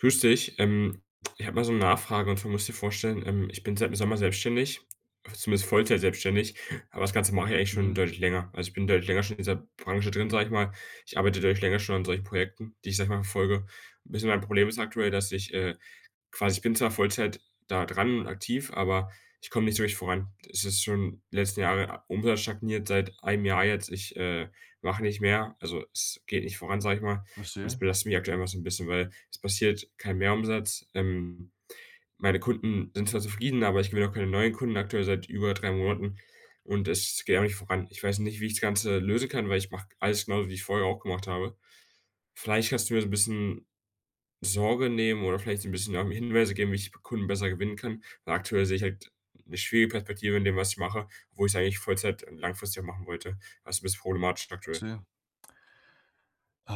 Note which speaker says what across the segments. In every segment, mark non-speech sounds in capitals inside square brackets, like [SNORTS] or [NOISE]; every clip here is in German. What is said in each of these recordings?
Speaker 1: Grüß dich. Ähm, ich habe mal so 'ne Nachfrage und zwar musst du dir vorstellen, ähm, ich bin seit dem Sommer selbstständig zumindest Vollzeit selbstständig, aber das Ganze mache ich eigentlich schon
Speaker 2: Mhm.
Speaker 1: deutlich länger, also, ich bin deutlich länger schon in dieser Branche drin, sage ich mal. Ich arbeite deutlich länger schon an solchen Projekten, die ich, sage ich mal, verfolge. Ein bisschen mein Problem ist aktuell, dass ich, äh, quasi ich bin zwar Vollzeit da dran und aktiv, aber ich komme nicht so richtig voran. Es ist schon die letzten Jahre, U Umsatz stagniert seit einem Jahr jetzt. Ich, äh, mache nicht mehr also es geht nicht voran, sage ich mal, und es
Speaker 2: Verstehe.
Speaker 1: belastet mich aktuell immer so 'n bisschen, weil es passiert kein Mehrumsatz. Ähm, meine Kunden sind zwar zufrieden, aber ich gewinne auch keine neuen Kunden, aktuell seit über 3 Monaten und es geht auch nicht voran. Ich weiß nicht, wie ich das Ganze lösen kann, weil ich mache alles genauso, wie ich es vorher auch gemacht habe. Vielleicht kannst du mir so 'n bisschen Sorge nehmen oder vielleicht so 'n bisschen, ähm, Hinweise geben, wie ich Kunden besser gewinnen kann, weil aktuell sehe ich halt 'ne schwierige Perspektive in dem, was ich mache, obwohl ich es eigentlich Vollzeit, ähm, langfristig auch machen wollte also, ist 'n bisschen problematisch aktuell.
Speaker 2: Verstehe. Äh,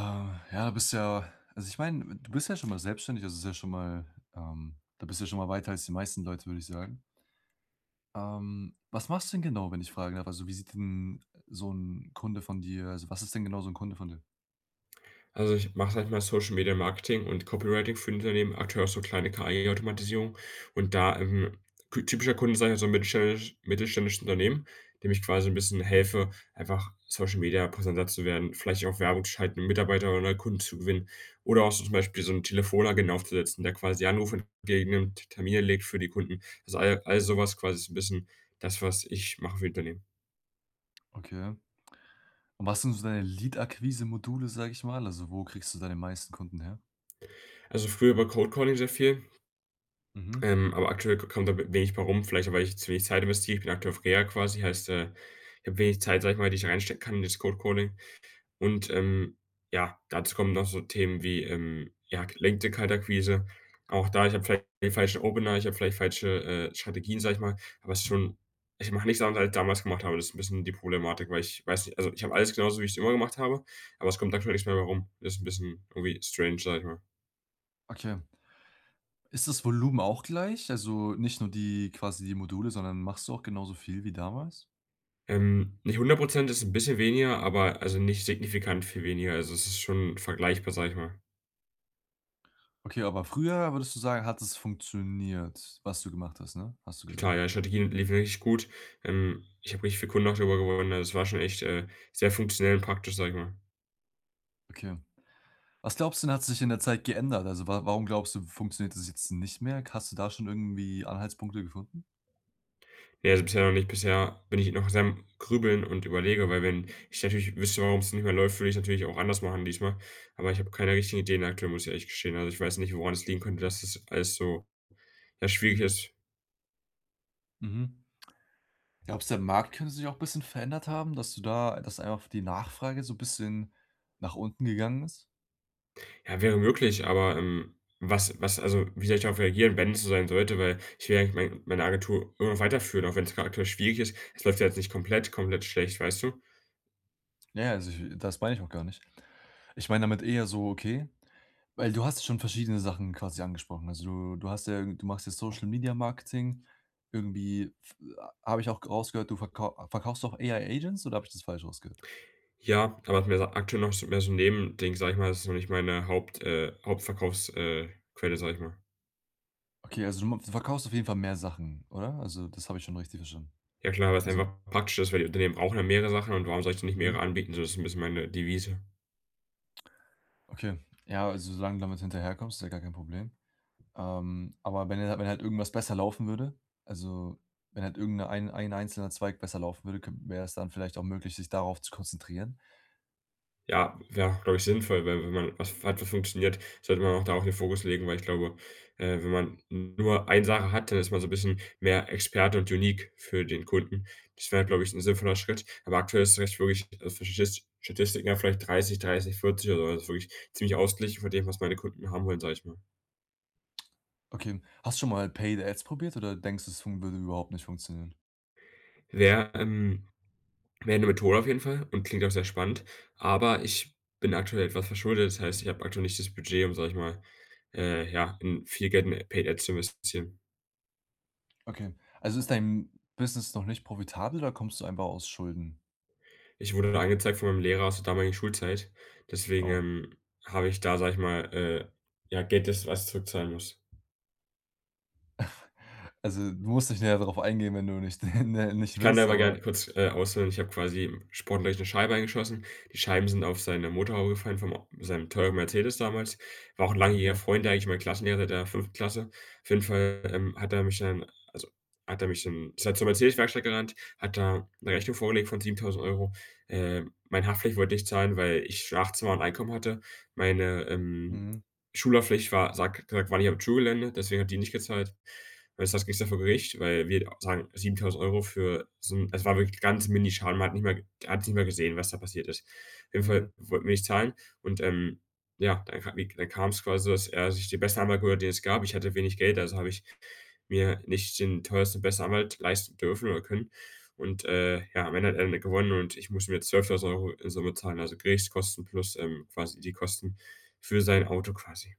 Speaker 2: ja, bist du ja also, ich meine, du bist ja schon mal selbstständig, das ist ja schon mal ähm, da bist du ja schon mal weiter als die meisten Leute, würde ich sagen. Ähm, was machst du denn genau, wenn ich fragen darf? Also, wie sieht denn so 'n Kunde von dir also, was ist denn genau so 'n Kunde von dir?
Speaker 1: Also, ich mache manchmal Social-Media-Marketing und Copywriting für Unternehmen aktuell auch so kleine KI-Automatisierungen und da, ähm, kü typischer Kunde, sage ich mal, ist so 'n mittelständisch mittelständisches Unternehmen, dem ich quasi 'n bisschen helfe, einfach Social-Media-präsenter zu werden, vielleicht auch Werbung zu schalten, Mitarbeiter oder neue Kunden zu gewinnen oder auch so zum Beispiel so 'n Telefonagenten aufzusetzen, der quasi Anrufe entgegennimmt, Termine legt für die Kunden. Also all all so was quasi ist so 'n bisschen das, was ich mache für Unternehmen.
Speaker 2: Okay. Und was sind so deine Lead-Akquise-Module, sage ich mal, also wo kriegst du deine meisten Kunden her?
Speaker 1: Also früher über Cold Calling sehr viel
Speaker 2: Mhm.
Speaker 1: ähm, aber aktuell k kommt da wenig bei rum vielleicht auch, weil ich zu wenig Zeit investiere. Ich bin aktuell auf Reha quasi, heißt, äh, ich habe wenig Zeit, sage ich mal, die ich da reinstecken kann in das Cold Calling und, ähm, ja, dazu kommen noch so Themen wie, ähm, ja, gelenkte Kaltakquise. Auch da ich habe vielleicht den falschen Opener, ich habe vielleicht falsche, äh, Strategien, sage ich mal, was schon ich mache nicht Sachen, die ich damals gemacht habe. Das ist 'n bisschen die Problematik, weil ich weiß also ich habe alles genauso, wie ich's immer gemacht habe, aber es kommt aktuell nichts mehr bei rum. Ist 'n bisschen irgendwie strange, sage ich mal.
Speaker 2: Okay. Ist das Volumen auch gleich? Also, nicht nur die quasi die Module, sondern machst du auch genauso viel wie damals?
Speaker 1: Ähm, nicht 100 %, ist 'n bisschen weniger, aber, also, nicht signifikant viel weniger. Also, es ist schon vergleichbar, sage ich mal.
Speaker 2: Okay, aber früher würdest du sagen, hat es funktioniert, was du gemacht hast, ne? Hast du gesagt.
Speaker 1: Total, ja. Die Strategie lief wirklich gut. Ähm, ich habe richtig viele Kunden auch darüber gewonnen. Also, es war schon echt, äh, sehr funktionell und praktisch, sage ich mal.
Speaker 2: Okay. Was glaubst du denn, hat sich in der Zeit geändert? Also, wa warum glaubst du, funktioniert das jetzt nicht mehr? Hast du da schon irgendwie Anhaltspunkte gefunden?
Speaker 1: Ne, also, bisher noch nicht. Bisher bin ich noch sehr am Grübeln und überlege, weil wenn ich natürlich wüsste, warum's nicht mehr läuft, würde ich's natürlich auch anders machen diesmal, aber ich habe keine richtigen Ideen aktuell, muss ich ehrlich gestehen. Also, ich weiß nicht, woran es liegen könnte, dass das alles so, ja, schwierig ist.
Speaker 2: Mhm. Glaubst du, der Markt könnte sich auch bisschen verändert haben, dass du da dass einfach die Nachfrage so 'n bisschen nach unten gegangen ist?
Speaker 1: Ja, wäre möglich, aber, ähm, was was, also wie soll ich darauf reagieren, wenn es so sein sollte? Weil ich will ja eigentlich mein meine Agentur irgendwie weiterführen, auch wenn's grad aktuell schwierig ist. Es läuft ja jetzt nicht komplett komplett schlecht, weißt du?
Speaker 2: Ja, ja, also, ich das meine ich auch gar nicht. Ich meine damit eher so, okay weil du hast schon verschiedene Sachen quasi angesprochen. Also, du du hast ja du machst ja Social-Media-Marketing. Irgendwie f a habe ich auch g rausgehört, du verkauf verkaufst auch AI-Agents oder habe ich das falsch rausgehört?
Speaker 1: Ja, aber ist mir aktuell noch so mehr so 'n Nebending, sage ich mal. Das ist noch nicht meine Haupt äh, Hauptverkaufs äh, Quelle, sage ich mal.
Speaker 2: Okay, also, du ma du verkaufst auf jeden Fall mehr Sachen, oder? Also, das habe ich schon richtig verstanden?
Speaker 1: Ja klar, weil's
Speaker 2: Also
Speaker 1: einfach praktischer ist, weil die Unternehmen brauchen ja mehrere Sachen und warum soll ich denen nicht mehrere
Speaker 2: Mhm.
Speaker 1: anbieten? So das ist so 'n bisschen meine Devise.
Speaker 2: Okay, ja, also, solange du damit hinterherkommst, ist ja gar kein Problem. Ähm, aber wenn er wenn halt irgendwas besser laufen würde also, wenn halt irgend 'ne ein einzelner Zweig besser laufen würde k wäre es dann vielleicht auch möglich, sich darauf zu konzentrieren?
Speaker 1: Ja, wäre auch, glaube ich, sinnvoll, weil wenn man was hat, was funktioniert, sollte man auch darauf den Fokus legen, weil ich glaube, äh, wenn man nur eine Sache hat, dann ist man so 'n bisschen mehr Experte und unique für den Kunden. Das wäre, glaube ich, 'n sinnvoller Schritt. Aber aktuell ist echt wirklich, also, faschisch Statistiken vielleicht 30, 30, 40 oder so. Also, wirklich ziemlich ausgeglichen von dem, was meine Kunden haben wollen, sage ich mal.
Speaker 2: Okay, hast du schon mal Paid Ads probiert oder denkst du, es fun würde überhaupt nicht funktionieren?
Speaker 1: Wär, ähm wär 'ne Methode auf jeden Fall und klingt auch sehr spannend, aber ich bin aktuell etwas verschuldet. Das heißt, ich habe aktuell nicht das Budget, um, sage ich mal, äh, ja, in viel Geld in Paid Ads zu investieren.
Speaker 2: Okay, also, ist dein Business noch nicht profitabel oder kommst du einfach aus Schulden?
Speaker 1: Ich wurde da angezeigt von meinem Lehrer aus der damaligen Schulzeit. Deswegen,
Speaker 2: Oh.
Speaker 1: ähm, habe ich da, sage ich mal, äh ja Geld, das was ich zurückzahlen muss.
Speaker 2: [CHUCKLES] Also, du musst nicht näher darauf eingehen, wenn du nicht, [CHUCKLES] äh
Speaker 1: Ich
Speaker 2: nicht
Speaker 1: kann da
Speaker 2: willst,
Speaker 1: aber
Speaker 2: aber
Speaker 1: gerne kurz, äh, ausführen. Ich habe quasi im Sportunterricht 'ne Scheibe eingeschossen. Die Scheiben sind auf seine Motorhaube gefallen, vom o seinem teuren Mercedes damals. War auch 'n langjähriger
Speaker 2: Okay.
Speaker 1: Freund eigentlich, mein Klassenlehrer der 5. Klasse. Auf jeden Fall, ähm, hat er mich dann also, hat er mich dann ist halt zur Mercedes-Werkstatt gerannt, hat da 'ne Rechnung vorgelegt von 7.000 €. Ähm, meine Haftpflicht wollte nicht zahlen, weil ich schon 18 war und Einkommen hatte. Meine, ähm,
Speaker 2: Mhm.
Speaker 1: Schulhaftpflicht war, sagt hat gesagt: „War nicht auf dem Schulgelände“, deswegen hat die nicht gezahlt. Jedenfalls ging's dann vor Gericht, weil wir sagen, 7.000 € für so 'n es war wirklich 'n ganz Mini-Schaden. Man hat nicht mal er hat's nicht mal gesehen, was da passiert ist. Auf jeden Fall
Speaker 2: Mhm.
Speaker 1: wollten wir nicht zahlen und, ähm, ja, dann ka wie dann kam's quasi, dass er sich den besten Anwalt geholt hat, den es gab. Ich hatte wenig Geld, also, habe ich mir nicht den teuersten, besten Anwalt leisten dürfen oder können. Und, äh, ja, am Ende hat er dann gewonnen und ich muss ihm jetzt 12.000 € in Summe zahlen. Also, Gerichtskosten plus, ähm, quasi die Kosten für sein Auto quasi.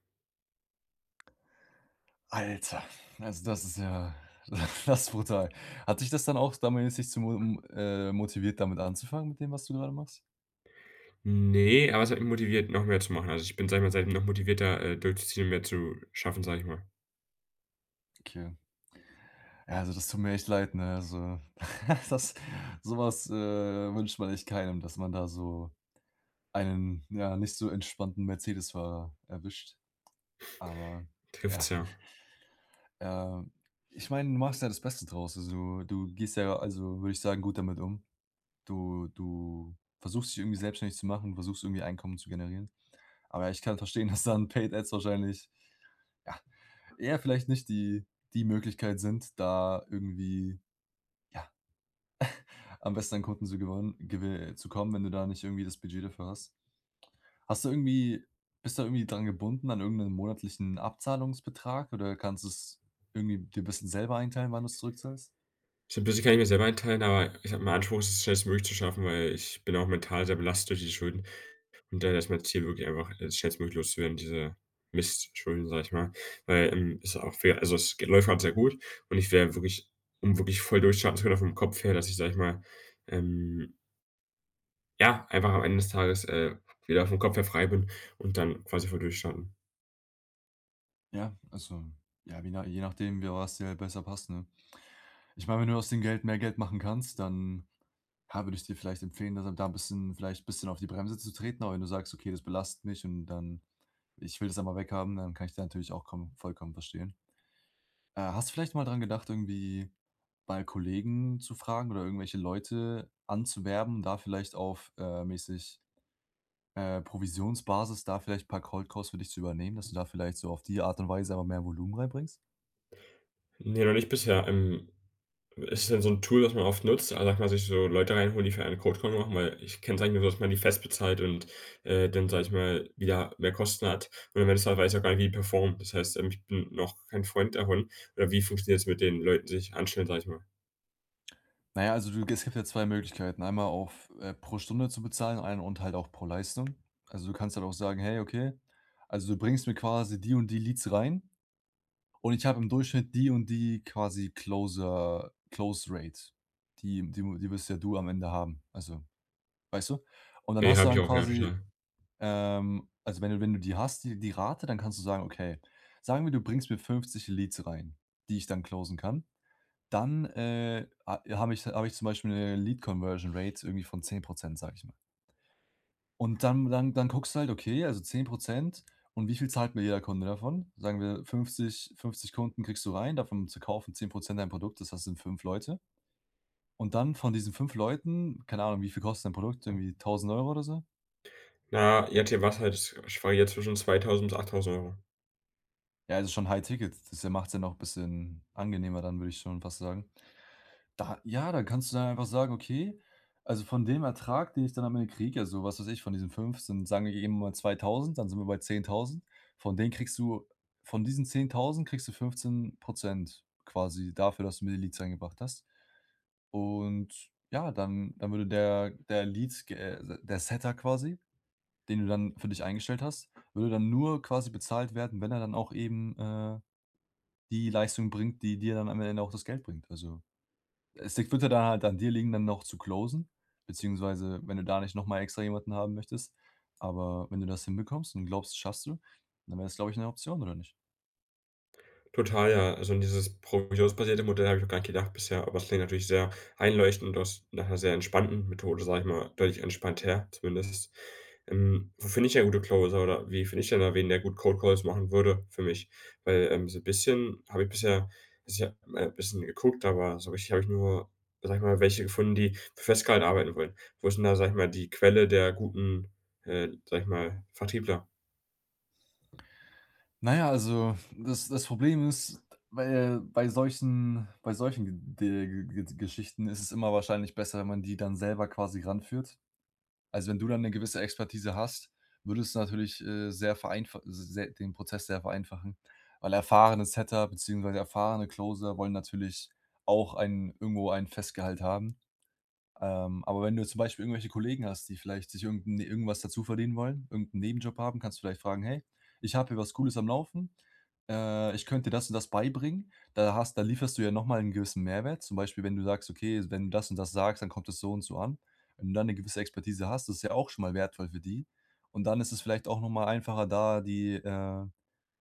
Speaker 2: Alter, also, das ist ja [SNORTS] das brutal. Hat dich das dann auch damals nicht zu mu m äh, motiviert, damit anzufangen mit dem, was du grade machst?
Speaker 1: Ne, aber es hat mich motiviert, noch mehr zu machen. Also, ich bin, sage ich mal, seitdem noch motivierter, äh, durchzuziehen und mehr zu schaffen, sage ich mal.
Speaker 2: Okay. Ja, also, das tut mir echt leid, ne? Also, [CHUCKLES] das so was, äh, wünscht man echt keinem, dass man da so einen, ja, nicht so entspannten Mercedesfahrer erwischt, aber ja
Speaker 1: Trifft's, ja.
Speaker 2: [SNORTS] Ähm, ich meine, du machst ja das Beste draus. also, du du gehst ja, also, würde ich sagen, gut damit um. Du du versuchst, dich irgendwie selbstständig zu machen, versuchst irgendwie Einkommen zu generieren, aber ich kann verstehen, dass dann Paid Ads wahrscheinlich, ja, eher vielleicht nicht die die Möglichkeit sind, da irgendwie, ja, [SNORTS] am besten an Kunden zu gewon gewi äh, zu kommen, wenn du da nicht irgendwie das Budget dafür hast. Hast du irgendwie bist du irgendwie dran gebunden an irgend 'nen monatlichen Abzahlungsbetrag oder kannst du's irgendwie dir bisschen selber einteilen, wann du's zurückzahlst?
Speaker 1: So 'n bisschen kann ich mir selber einteilen, aber ich habe den Anspruch, es schnellstmöglich zu schaffen, weil ich bin auch mental sehr belastet durch die Schulden und daher ist mein Ziel wirklich einfach, es schnellstmöglich loszuwerden, diese Mistschulden, sage ich mal, weil, ähm, ist auch fair. Also, es läuft grad sehr gut und ich wär wirklich um wirklich voll durchzustarten, vor allem vom Kopf her, dass ich, sage ich mal, ähm Ja, einfach am Ende des Tages, äh, wieder vom Kopf her frei bin und dann quasi voll durchstarten.
Speaker 2: Ja, also, ja, wie na je nachdem, wie was dir halt besser passt, ne? Ich meine, wenn du aus dem Geld mehr Geld machen kannst, dann ha würde ich dir vielleicht empfehlen, dass du da 'n bisschen vielleicht bisschen auf die Bremse zu treten. Aber wenn du sagst: „Okay, das belastet mich und dann ich will das einfach weg haben“, dann kann ich die natürlich auch kom vollkommen verstehen. Äh, hast du vielleicht mal dran gedacht, irgendwie bei Kollegen zu fragen oder irgendwelche Leute anzuwerben, da vielleicht auf, äh, mäßig äh, Provisionsbasis da vielleicht 'n paar Cold Calls für dich zu übernehmen, dass du da vielleicht so auf die Art und Weise einfach mehr Volumen reinbringst?
Speaker 1: Ne, noch nicht bisher. Ähm, ist das denn so 'n Tool, was man oft nutzt? Also, darf man sich so Leute reinholen, die für einen Cold Call machen, weil ich kenne es eigentlich nur so, dass man die fest bezahlt und, äh, dann, sage ich mal, wieder mehr Kosten hat. Und am Ende des Tages weiß ich auch gar nicht, wie die performen. Das heißt, ähm, ich bin noch kein Freund davon. Äh, wie funktioniert das mit den Leuten sich anstellen, sage ich mal?
Speaker 2: Na ja, also, du es gibt ja 2 Möglichkeiten. Einmal auf, äh, pro Stunde zu bezahlen einen und halt auch pro Leistung. Also, du kannst halt auch sagen: „Hey, okay, also, du bringst mir quasi die und die Leads rein und ich habe im Durchschnitt die und die quasi Closer Close Rate.“ Die Die Die wirst ja du am Ende haben. Also, weißt du? Und dann
Speaker 1: Ne,
Speaker 2: hast du
Speaker 1: habe ich
Speaker 2: dann
Speaker 1: auch. Ja,
Speaker 2: quasi,
Speaker 1: total.
Speaker 2: ähm, also, wenn du wenn du die hast, die die Rate, dann kannst du sagen: „Okay, sagen wir, du bringst mir 50 Leads rein, die ich dann closen kann. Dann, äh, ha habe ich habe ich zum Beispiel 'ne Lead-Conversion-Rate irgendwie von 10 %“, sage ich mal. Und dann dann dann guckst du halt: „Okay, also, 10 % und wie viel zahlt mir jeder Kunde davon?“ Sagen wir, 50- 50 Kunden kriegst du rein, davon zu kaufen 10 % dein Produkt. Das heißt, das sind 5 Leute. Und dann von diesen 5 Leuten keine Ahnung, wie viel kostet dein Produkt? Irgendwie 1.000 € oder so?
Speaker 1: Na ja, je nachdem [UNINTELLIGIBLE] schwanke ich halt zwischen 2.000 und 8.000 €.
Speaker 2: Ja, das ist schon High-Ticket. Das' ja macht's ja noch bisschen angenehmer dann, würde ich schon fast sagen. Da ja, da kannst du dann einfach sagen: „Okay, also von dem Ertrag, den ich dann am Ende kriege“, also, was weiß ich, von diesen 5, sind sagen wir eben mal 2.000, dann sind wir bei 10.000. Von denen kriegst du von diesen 10.000 kriegst du 15 % quasi dafür, dass du mir die Leads eingebracht hast. Und ja, dann dann würde der der Lead ge äh, der Setter quasi, den du dann für dich eingestellt hast, würde dann nur quasi bezahlt werden, wenn er dann auch eben, äh, die Leistung bringt, die dir dann am Ende auch das Geld bringt. Also, es es würde da halt an dir liegen, dann noch zu closen beziehungsweise wenn du da nicht noch mal extra jemanden haben möchtest. Aber wenn du das hinbekommst und glaubst, das schaffst du, dann wäre das, glaube ich, 'ne Option oder nicht?
Speaker 1: Total, ja. Also, an dieses provisionsbasierte Modell habe ich noch gar nicht gedacht bisher, aber es klingt natürlich sehr einleuchtend und auch s nach 'ner sehr entspannten Methode, sage ich mal, deutlich entspannter zumindest. Ähm, wo finde ich denn gute Closer oder wie finde ich denn da wen, der gut Cold Calls machen würde für mich? Weil, ähm, so 'n bisschen habe ich bisher bisher mal bisschen geguckt, aber so richtig habe ich nur, sage ich mal, welche gefunden, die für Festgehalt arbeiten wollen. Wo ist denn da, sage ich mal, die Quelle der guten, äh, sage ich mal, Vertriebler?
Speaker 2: Na ja, also das das Problem ist bei bei solchen bei solchen Ge Ge Geschichten ist es immer wahrscheinlich besser, wenn man die dann selber quasi ranführt. Also, wenn du dann 'ne gewisse Expertise hast, würde es natürlich, äh, sehr vereinfach sehr den Prozess sehr vereinfachen, weil erfahrene Setter beziehungsweise erfahrene Closer wollen natürlich auch ein irgendwo ein Festgehalt haben. Ähm, aber wenn du zum Beispiel irgendwelche Kollegen hast, die vielleicht sich irgend 'n irgendwas dazuverdienen wollen, irgend 'n Nebenjob haben, kannst du vielleicht fragen: „Hey, ich habe hier was Cooles am Laufen, äh, ich könnte dir das und das beibringen.” Da hast da lieferst du ja noch mal 'nen gewissen Mehrwert, zum Beispiel, wenn du sagst: „Okay, wenn du das und das sagst, dann kommt das so und so an.“ Wenn du da 'ne gewisse Expertise hast, ist das ja auch schon mal wertvoll für die, und dann ist es vielleicht auch noch mal einfacher, da die, äh,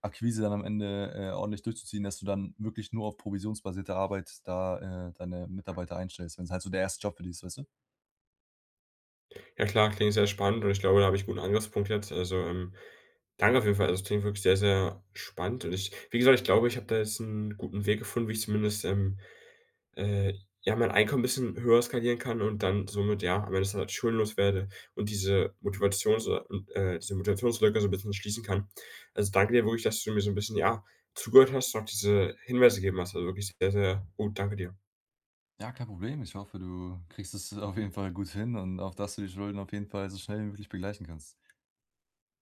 Speaker 2: Akquise dann am Ende, äh, ordentlich durchzuziehen, dass du dann wirklich nur auf provisionsbasierte Arbeit da, äh, deine Mitarbeiter einstellst, wenn's halt so der 1. Job für die ist, weißt du?
Speaker 1: Ja klar, klingt sehr spannend und ich glaube, da habe ich 'n guten Angriffspunkt jetzt, also, ähm, danke auf jeden Fall, also, das klingt wirklich sehr, sehr spannend und ich wie gesagt, ich glaube, ich habe da jetzt 'n guten Weg gefunden, wie ich zumindest, ähm, äh, ja, mein Einkommen bisschen höher skalieren kann und dann somit ja am Ende des Tages schuldenlos werde und diese Motivations äh, diese Motivationslücke so bisschen schließen kann. Also danke dir wirklich, dass du mir so 'n bisschen, ja, zugehört hast und auch diese Hinweise gegeben hast. Also war wirklich sehr, sehr gut. Danke dir.
Speaker 2: Ja, kein Problem. Ich hoffe, du kriegst es auf jeden Fall gut hin und auch, dass du die Schulden auf jeden Fall so schnell wie möglich begleichen kannst.